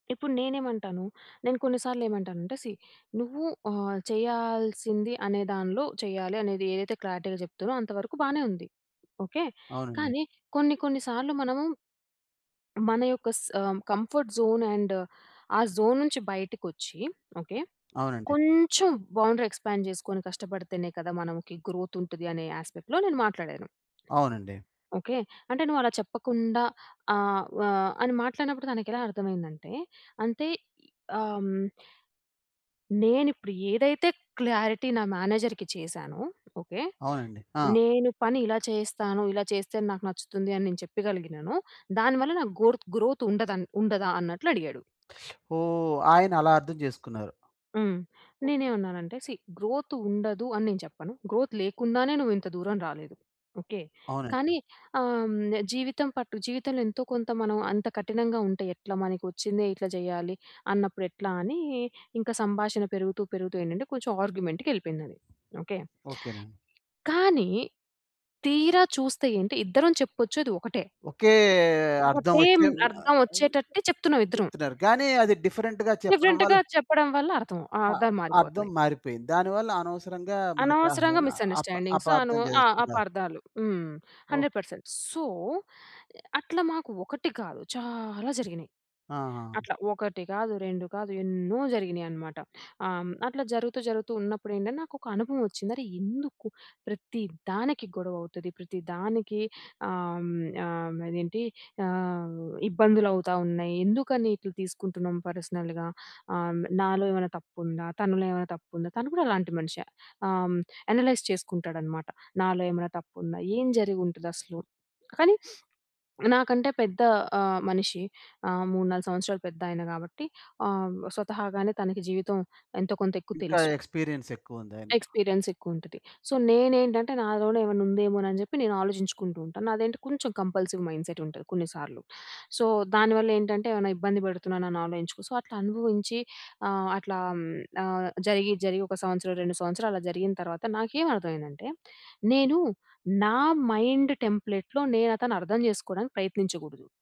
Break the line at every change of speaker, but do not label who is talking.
ఇప్పుడు నేనేమంటాను. నేను కొన్ని సార్లు ఏమంటానంటే సీ నువ్వు ఆ! చేయాల్సింది అనే దానిలో చేయాలి అనేది ఏదైతే క్లారిటీ‌గా చెప్తునో అంత వరకు బానే ఉంది. ఓకే.
అవునండి.
కానీ కొన్ని కొన్ని సార్లు మనము... మన యొక్క స్ ఆ! కంఫర్ట్ జోన్ అండ్ ఆ జోన్ నుంచి బయటకి వచ్చి ఓకే.
అవునండి.
కొంచెం బౌండరీ ఎక్స్‌పాండ్ చేసుకొని కష్టపడితేనే కదా! మనం కి గ్రోత్ ఉంటది అనే యాస్పెక్ట్‌లో నేను మాట్లాడాను.
అవునండి.
ఓకే. అంటే నువ్వలా చెప్పకుండా ఆహ్, వా అని మాట్లాడినప్పుడు తనకి ఎలా అర్థమయిందంటే అంతే ఆమ్ నేనిప్పుడు ఏదైతే క్లారిటీ నా మేనేజర్‌కి చేశానో ఓకే.
అవునండి. ఆ!
నేను పని ఇలా చేస్తాను. ఇలా చేస్తే నాకు నచ్చుతుంది అని నేను చెప్పగలిగినాను. దానివల్ల నాకు గోర్‌త్ గ్రోత్ ఉండ‌దన్ ఉండదా అన్నట్లు అడిగాడు.
ఓహ్! ఆయన అలా అర్థం చేసుకున్నారు.
హ్మ్. నేనేవన్నానంటే సీ గ్రోత్ ఉండదు అని నేను చెప్పను. గ్రోత్ లేకుండానే నువ్వు ఇంత దూరం రాలేదు ఓకే.
అవునండి.
కానీ ఆహ్, హ్మ్, జీవితం పట్టు జీవితంలో ఎంతో కొంత మనం అంత కఠినంగా ఉంటే ఎట్లా మనకు వచ్చింది ఇట్లా చేయాలి అన్నప్పుడు ఎట్లా అని ఇంకా సంభాషణ పెరుగుతూ, పెరుగుతూ ఏంటంటే కొంచెం ఆర్గ్యుమెంట్‌కి ఎళ్ళిపోయిందది. ఓకే.
ఓకేనండి.
కానీ తీరా చూస్తే ఏంటి ఇద్దరం చెప్పొ‌చేది ఒకటే.
ఒకే అర్థమొచ్చే
ఒకటే‌ అర్ధం వచ్చేటట్టే చెప్తున్నాం ఇద్దరం.
చెప్తున్నారు. కానీ అది డిఫరెంట్‌గా చెప్పడం వల్ల
డిఫరెంట్‌గా చెప్పడం వల్ల అర్ధం ఆహ్,
ఆ!
అర్ధాలు
అర్థం
మారిపోతున్నాయి.
మారిపోయింది. దానివల్ల అనవసరంగా మన‌క‌
అనవసరంగా
హా ఆపా
మిసండర్‌స్టాండింగ్స్
అపార్థం
అనువ్ ఆ
జేసుకున్నారు.
అపార్దాలు. హ్మ్.
ఓహ్!
100% సో! అట్లా మాకు ఒకటి కాదు, చాలా జరిగినాయి.
ఆహా!
అట్లా ఒకటి కాదు, రెండు కాదు, ఎన్నో జరిగినాయి అనమాట. ఆహ్, హ్మ్. అట్లా జరుగుతూ జరుగుతూ ఉన్నప్పుడేంటంటే నాకు ఒక అనుభవం వచ్చింది. అరె! ఎందుకు ప్రతి దానికి గొడవ అవుతది ప్రతి దానికి ఆహ్, హ్మ్ ఆహ్, అదేంటి ఆహ్, ఇబ్బందులు అవుతా ఉన్నాయి ఎందుకని ఇట్లా తీసుకుంటున్నాం పర్సనల్‌గా హ్మ్. నాలో ఏవన్న తప్పుందా? తనలో ఏవన్న తప్పుందా? తను కూడా అలాంటి మనిషే హ్మ్. యనలైజ్ చేసుకుంటాడనమాట. నాలో ఏమైనా తప్పుందా? ఏం జరిగుంటదసలు? కానీ నాకంటే పెద్ద ఆహ్, మనిషి ఆహ్, 3, 4 సంవత్సరాలు పెద్దాయన కాబట్టి ఆహ్, స్వతహాగానే తనకి జీవితం ఎంతో కొంత ఎక్కువ
ఇంకా
తెలుసు.
ఎక్స్‌పీరియన్స్ ఎక్కువ ఉంది ఆయన
ఎక్స్‌పీరియన్స్ ఎక్కువుంటది. సో, నేనేంటంటే నాలోనే ఏవన్నుందేమో అని చెప్పి నేను ఆలోచించుకుంటూ ఉంటాను. నాదెం‌టి కొంచెం కంపల్సివ్ మైండ్సెట్ ఉంటది కొన్ని సార్లు సో, దానివల్లేంటంటే ఏవైనా ఇబ్బంది పెడుతున్నాను అని ఆలోచించుకో సో, అట్లా అనుభవించి ఆహ్, అట్లా హ్మ్. ఆహ్, జరిగి, జరిగి ఒక సంవత్సరం, 2 సంవత్సరాలు అలా జరిగిన తర్వాత నాకేమి అర్థమైందంటే, నేను నా మైండ్ టెంప్లేట్‌లో నేను అతను అర్థం చేసుకోవడానికి ప్రయత్నించగూడదు.